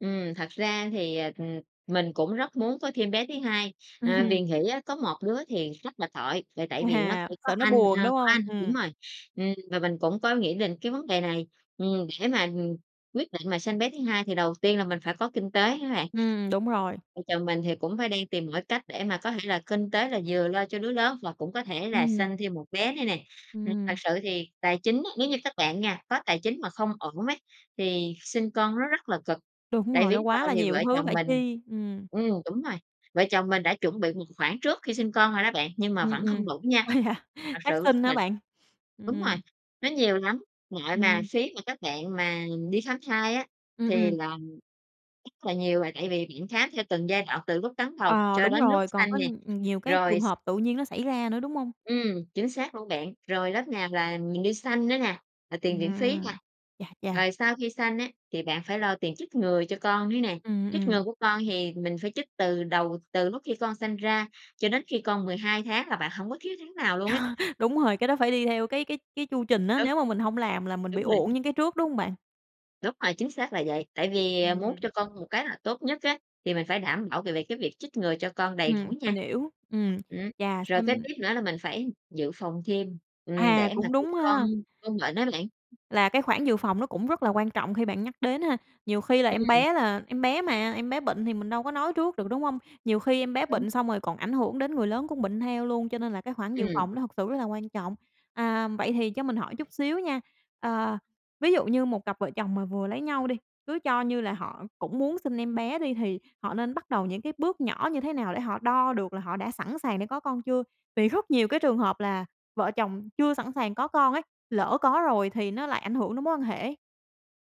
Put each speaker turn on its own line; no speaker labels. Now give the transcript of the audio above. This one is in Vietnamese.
Ừm. Thật ra thì, ờ, ừm, mình cũng rất muốn có thêm bé thứ hai, ờ, vì nghĩ á có một đứa thì rất là tội, là tại vì nó
À,
chỉ có
sợ nó
anh,
buồn,
ờ,
đúng
có
hông?
anh. Đúng
Ừm.
rồi. Ừm, và mình cũng có nghĩ đến cái vấn đề này, ừm, để mà, ừm, quyết định mà sanh bé thứ hai thì đầu tiên là mình phải có kinh tế á bạn.
Ừm, đúng rồi.
Vợ chồng mình thì cũng phải đang tìm mọi cách để mà có thể là kinh tế là vừa lo cho đứa lớn và cũng có thể là
Ừm.
sanh thêm một bé nữa nè. Ừm, thực
Ừm.
sự thì tài chính á, nếu như các bạn nha có tài chính mà không ổn ấy, thì sinh con nó rất là cực,
Đúng
tại
rồi,
vì
nó
lúc
quá
đầu
là
thì
nhiều
vợ
thứ
chồng
phải
mình
chi. Ừm.
ừm, đúng rồi, vợ chồng mình đã chuẩn bị một khoản trước khi sinh con rồi đó bạn, nhưng mà
Ừm,
vẫn không
ừm.
đủ nha.
Ủa, vậy hả?
Thật sự
Phát sinh
chúng
hả
mình
bạn? Ừm,
đúng rồi,
ừm.
nó nhiều lắm. Nội mà
Ừm.
phí mà các bạn mà đi khám thai á,
Ừm,
thì
ừm.
là rất là nhiều là tại vì bạn khám theo từng giai đoạn từ lúc cấn bầu
Ờ,
cho
đúng
đến lúc
rồi. Còn
sanh
có
nè,
nh nhiều cái
rồi
trường
s
hợp tự nhiên nó xảy ra nữa, đúng hông?
Ừm, chính xác luôn bạn. Rồi lớp nào là mình đi sanh nữa nè, rồi tiền viện phí nè.
Ừm. Chà, chà!
Rồi sau khi sanh á, thì bạn phải lo tiền chích ngừa cho con nữa nè,
Ừm,
chích ngừa
ừm.
của con thì mình phải chích từ đầu, từ lúc khi con sanh ra cho đến khi con 12 tháng là bạn hổng có thiếu tháng nào luôn á.
Đúng rồi, cái đó phải đi theo cái cái cái chu trình á,
Ừ.
nếu mà mình hông làm là mình bị
Đúng rồi.
uổng những cái trước, đúng hông bạn?
Đúng rồi, chính xác là vậy. Tại vì, ờ, muốn
Ừm.
cho con một kế hoạch tốt nhất á, thì mình phải đảm bảo về về cái việc chích ngừa cho con đầy
Ừm,
đủ
mình
nha.
hiểu. Ừm.
Ừm.
Chà,
Rồi kế
xem
tiếp nữa là mình phải dự phòng thêm, ừm,
À,
để mà
cũng
khi
đúng
con
ha.
con bệnh á bạn.
Là cái khoản dự phòng nó cũng rất là quan trọng khi bạn nhắc đến ha. Nhiều khi là em
Ừm.
bé là em bé mà, em bé bệnh thì mình đâu có nói trước được, đúng hông? Nhiều khi em bé
Đúng.
bệnh xong rồi còn ảnh hưởng đến người lớn cũng bệnh theo luôn, cho nên là cái khoản dự
Ừm.
phòng nó thực sự rất là quan trọng. À, vậy thì cho mình hỏi chút xíu nha. Ờ, ví dụ như một cặp vợ chồng mà vừa lấy nhau đi, cứ cho như là họ cũng muốn sinh em bé đi, thì họ nên bắt đầu những cái bước nhỏ như thế nào để họ đo được là họ đã sẵn sàng để có con chưa? Vì rất nhiều cái trường hợp là vợ chồng chưa sẵn sàng có con ấy, lỡ có rồi thì nó lại ảnh hưởng đến mối quan hệ ấy.